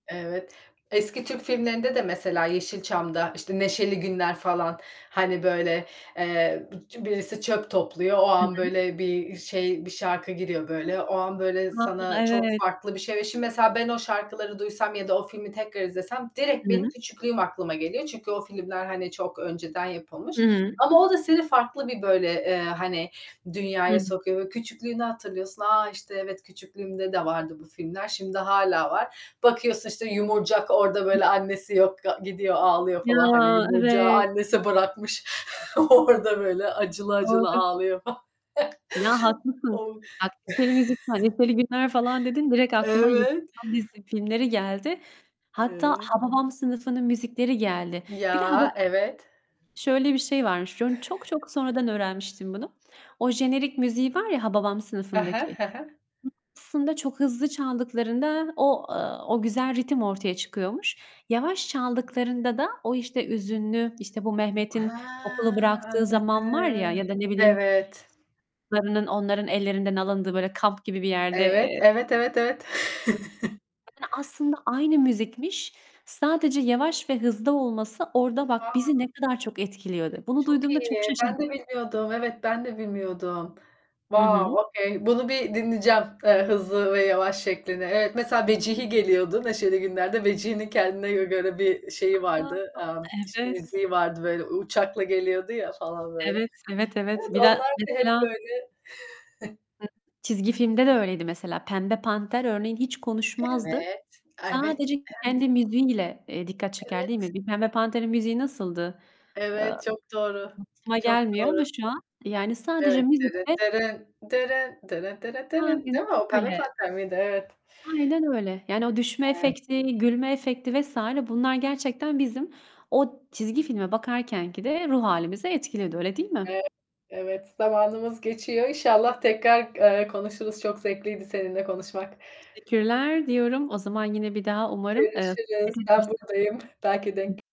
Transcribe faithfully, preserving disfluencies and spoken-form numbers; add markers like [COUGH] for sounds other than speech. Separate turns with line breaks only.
Evet. Eski Türk filmlerinde de mesela Yeşilçam'da, işte, Neşeli Günler falan, hani, böyle, eee, d birisi çöp topluyor, o
Hı
an,
hı.
böyle, bir şey, bir şarkı giriyor, böyle, o an, böyle,
[UNINTELLIGIBLE]
sana çok
Evet.
farklı bir şey Ve şimdi mesela ben o şarkıları duysam ya da o filmi tekrar izlesem
I
direkt benim
hı.
küçüklüğüm aklıma geliyor. Çünkü o filmler, hani, çok önceden
Hı
yapılmış.
hı.
Ama o da seni farklı bir, böyle, eee, hani,
Hı
dünyaya
hı.
sokuyor ve küçüklüğünü hatırlıyorsun. "A! İşte, evet küçüklüğümde de vardı bu filmler." Şimdi hâlâ var. Bakıyorsun, işte, Yumurcak orada,
Hı hı.
böyle, annesi yok, ga gidiyor ağlıyor
Ya,
falan, hani. Yumurcak'ı
evet.
annesi bırakmış, [CHUCKLES] orada böyle acılı acılı
Doğru.
ağlıyor fa [CHUCKLES]
Ya, haklısın.
O!
[UNINTELLIGIBLE] müzik,
[CHUCKLES]
"Neşeli Günler" falan dedin, direkt aklıma
Evet.
Yeşilçam dizisi filmleri geldi. Hatta
Evet.
Hababam Sınıfı'nın müzikleri geldi. Bir de Hababa
Ya, evet.
şöyle bir şey varmış; onu çok çok
[CHUCKLES]
sonradan öğrenmiştim bunu. O jenerik müziği var ya Hababam
I hı,
Sınıfı'ndaki.
hı hı.
Aslında çok hızlı çaldıklarında o, ııı, o güzel ritim ortaya çıkıyormuş. Yavaş çaldıklarında da o, işte, üzünlü, işte, bu
He,
Mehmet'in okulu bıraktığı zaman var ya
anladım.
ya da ne bileyim,
Evet.
[UNINTELLIGIBLE] onların ellerinden alındığı böyle kamp gibi bir yerde,
Evet.
eee
Evet, evet, evet.
[UNINTELLIGIBLE]
[CHUCKLES]
Yani aslında aynı müzikmiş. Sadece yavaş ve hızlı olması orada bak, bizi
Vaov.
ne kadar çok etkiliyordu. Bunu
Çok
duyduğumda çok
iyi. Ben
şaşırmış
de bilmiyordum. Evet, ben de bilmiyordum.
Hı hı.
Wow, okay. Bunu bir dinleyeceğim. Eee, hızlı ve yavaş şeklini. Evet, mesela Vecihi geliyordu, Neşeli Günler'de. Vecihi'nin kendine gö göre bir şeyi vardı,
[UNINTELLIGIBLE]
aaa, işte,
Evet.
müziği vardı, böyle, u uçakla geliyordu ya falan, böyle.
Evet. Evet, evet.
Evet,
Bir
onlar
de
da hep
mesela
böyle [CHUCKLES]
[UNINTELLIGIBLE] Çizgi filmde de öyleydi mesela. Pembe Panter örneğin hiç konuşmazdı.
Evet, evet, evet.
Sadece kendi müziği ile, eee, dikkat çeker, değil
Evet.
mi? Bir Pembe Panter'in müziği nasıldı? Eee,
Evet. Çok doğru,
[UNINTELLIGIBLE] aklıma
çok
gelmiyor ama
doğru.
şu an, yani sadece
Evet. "Dırıt
müzikle
dırın dırın dırıt dırıt dırın."
Aynen
Değil mi? O Pembe
öyle.
Panter miydi? Evet.
Aynen öyle. Yani o düşme
[UNINTELLIGIBLE]
efekti, gülme efekti vs. bunlar gerçekten bizim o çizgi filme bakarkenkide ruh hâlimizi etkiledi, öyle değil mi?
Evet, evet. Zamanımız geçiyor. İnşallah tekrar g eee, konuşuruz. Çok zevkliydi seninle konuşmak.
Teşekkürler diyorum. O zaman yine bir daha umarım, eee,
Görüşürüz.
sohbet edebiliriz.
Ben burdayım. Belki
I
denk